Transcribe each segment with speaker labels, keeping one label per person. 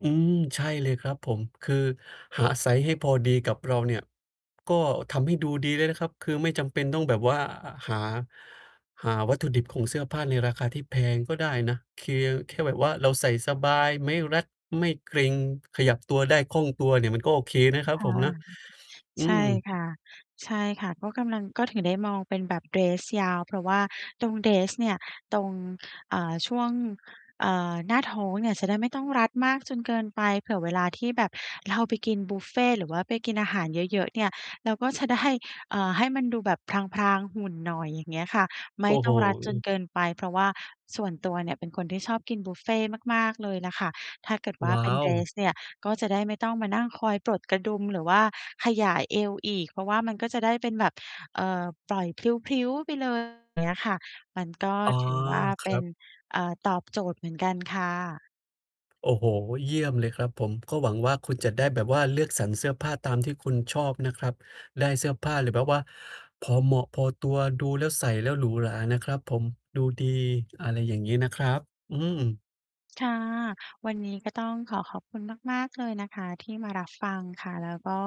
Speaker 1: อืม ใช่เลยครับผม คือหาไซซ์ให้พอดีกับเราเนี่ย ก็ทำให้ดูดีได้นะครับ คือไม่จำเป็นต้องแบบว่า อะ หา หาวัตถุดิบของเสื้อผ้าในราคาที่แพงก็ได้นะ เค แค่แบบว่าเราใส่สบาย ไม่รัด ไม่เกร็ง ขยับตัวได้คล่องตัวเนี่ยมันก็โอเคนะค
Speaker 2: อ
Speaker 1: รั
Speaker 2: ค
Speaker 1: บผ
Speaker 2: ่ะ
Speaker 1: มนะ อื
Speaker 2: ใช่
Speaker 1: ม
Speaker 2: ค่ะ ใช่ค่ะ ก็กำลัง ก็ถึงได้มองเป็นแบบเดรสยาว เพราะว่าตรงเดรสเนี่ย ตรง อ่า ช่วง เอ่อ หน้าท้องเนี่ยจะได้ไม่ต้องรัดมากจนเกินไป เผื่อเวลาที่แบบเราไปกินบุฟเฟต์ หรือว่าไปกินอาหารเยอะ ๆ เนี่ย เราก็ จะได้ อ่า ให้มันดูแบบพราง ๆ หุ่นหน่อย อย่างเงี้ยค่ะ ไม
Speaker 1: โอ
Speaker 2: ่
Speaker 1: ้โ
Speaker 2: ต้
Speaker 1: ฮ
Speaker 2: องรัด
Speaker 1: อ
Speaker 2: จ
Speaker 1: ื
Speaker 2: น
Speaker 1: อ
Speaker 2: เกินไป เพราะว่าส่วนตัวเนี่ยเป็นคนที่ชอบกินบุฟเฟต์มาก ๆ เลยน่ะค่ะ ถ้าเกิดว่
Speaker 1: ว
Speaker 2: า
Speaker 1: ้
Speaker 2: เ
Speaker 1: า
Speaker 2: ป็นเด
Speaker 1: ว
Speaker 2: รสเนี่ย ก็จะได้ไม่ต้องมานั่งคอยปลดกระดุมหรือว่าขยายเอวอีก เพราะว่ามันก็จะได้เป็นแบบ เอ่อ ปล่อย พลิ้ว ๆ ไป เลย อย่างเงี้ยค่ะ มันก็
Speaker 1: อ๋อ
Speaker 2: ถือว่า
Speaker 1: ค
Speaker 2: เป
Speaker 1: ร
Speaker 2: ็
Speaker 1: ั
Speaker 2: น
Speaker 1: บ
Speaker 2: เอ่อ ตอบโจทย์เหมือนกันค่ะ
Speaker 1: โอ้โฮ เยี่ยมเลยครับผม ก็หวังว่า คุณจะได้แบบว่าเลือกสรรเสื้อผ้าตามที่คุณชอบนะครับ ได้เสื้อผ้าหรือแบบว่า พอเหมาะ พอตัว ดูแล้ว ใส่แล้วหรูหรานะครับผม ดูดี อะไรอย่างงี้นะครับ อืม
Speaker 2: ค่ะ วันนี้ก็ต้องขอขอบคุณมากๆ เลยนะคะที่มารับฟังค่ะ แล้วก็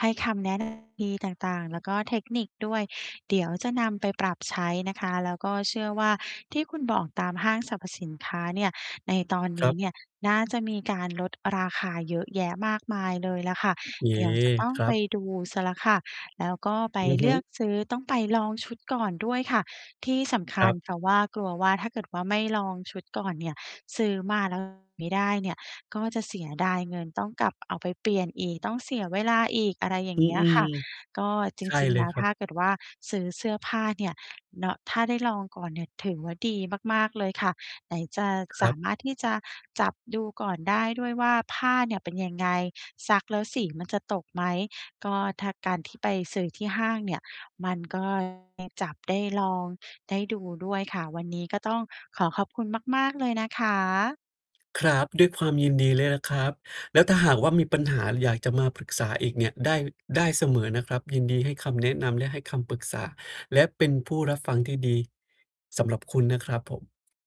Speaker 2: ให้คำแนะ นำ ดีต่าง ๆ แล้วก็เทคนิคด้วย เดี๋ยวจะนำไปปรับใช้นะคะ แล้วก็เชื่อว่า ที่คุณบอกตามห้างสรรพสินค้าเนี่ย ในตอนน
Speaker 1: คร
Speaker 2: ี
Speaker 1: ั
Speaker 2: ้
Speaker 1: บ
Speaker 2: เนี่ยน่าจะมีการลดราคาเยอะแยะมากมายเลยแหละค่ะ
Speaker 1: อ เย้
Speaker 2: เดี๋ยวจะต้อง
Speaker 1: ครั
Speaker 2: ไป
Speaker 1: บ
Speaker 2: ดูเสียแล้วค่ะ แล้วก็ไป
Speaker 1: อือ
Speaker 2: เ
Speaker 1: ฮ
Speaker 2: ลื
Speaker 1: ึ
Speaker 2: อกซื้อ ต้องไปลองชุดก่อนด้วยค่ะที่สำค
Speaker 1: คร
Speaker 2: ั
Speaker 1: ั
Speaker 2: ญ
Speaker 1: บ
Speaker 2: เพราะว่ากลัวว่า ถ้าเกิดว่า ไม่ลองชุดก่อนเนี่ย ซื้อมา แล้ว ไม่ได้เนี่ย ก็จะเสียดายเงิน ต้องกลับเอาไปเปลี่ยนอีก ต้องเสียเวลาอีก อะไรอย่
Speaker 1: อ
Speaker 2: า
Speaker 1: ื
Speaker 2: งเงี้ยค
Speaker 1: อ
Speaker 2: ่ะ ก็จ
Speaker 1: ๆ ใช่
Speaker 2: ริง
Speaker 1: เล
Speaker 2: ๆ แล
Speaker 1: ย
Speaker 2: ้ว
Speaker 1: ครั
Speaker 2: ถ
Speaker 1: บ
Speaker 2: ้าเกิดว่า ซื้อเสื้อผ้าเนี่ย เนาะ ถ้าได้ลองก่อนเนี่ยถือว่า ดีมากๆ เลยค่ะ ไหนจะ
Speaker 1: ค
Speaker 2: ส
Speaker 1: รั
Speaker 2: า
Speaker 1: บ
Speaker 2: มารถที่จะจับดูก่อนได้ด้วยว่า ผ้าเนี่ยเป็นยังไง ซักแล้วสีมันจะตกไหม ก็ถ้าการที่ไปซื้อที่ห้างเนี่ย มัน ก็ ได้จับ ได้ลอง ได้ดูด้วยค่ะ วันนี้ก็ต้องขอขอบคุณมากๆ เลยนะคะ
Speaker 1: ครับ ด้วยความยินดีเลยแหละครับ แล้วถ้าหากว่า มีปัญหาหรืออยากจะมาปรึกษาอีกเนี่ย ได้ ได้เสมอนะครับ ยินดีให้คำแนะนำและให้คำปรึกษา และเป็นผู้รับฟังที่ดีสำหรับคุณนะครับผม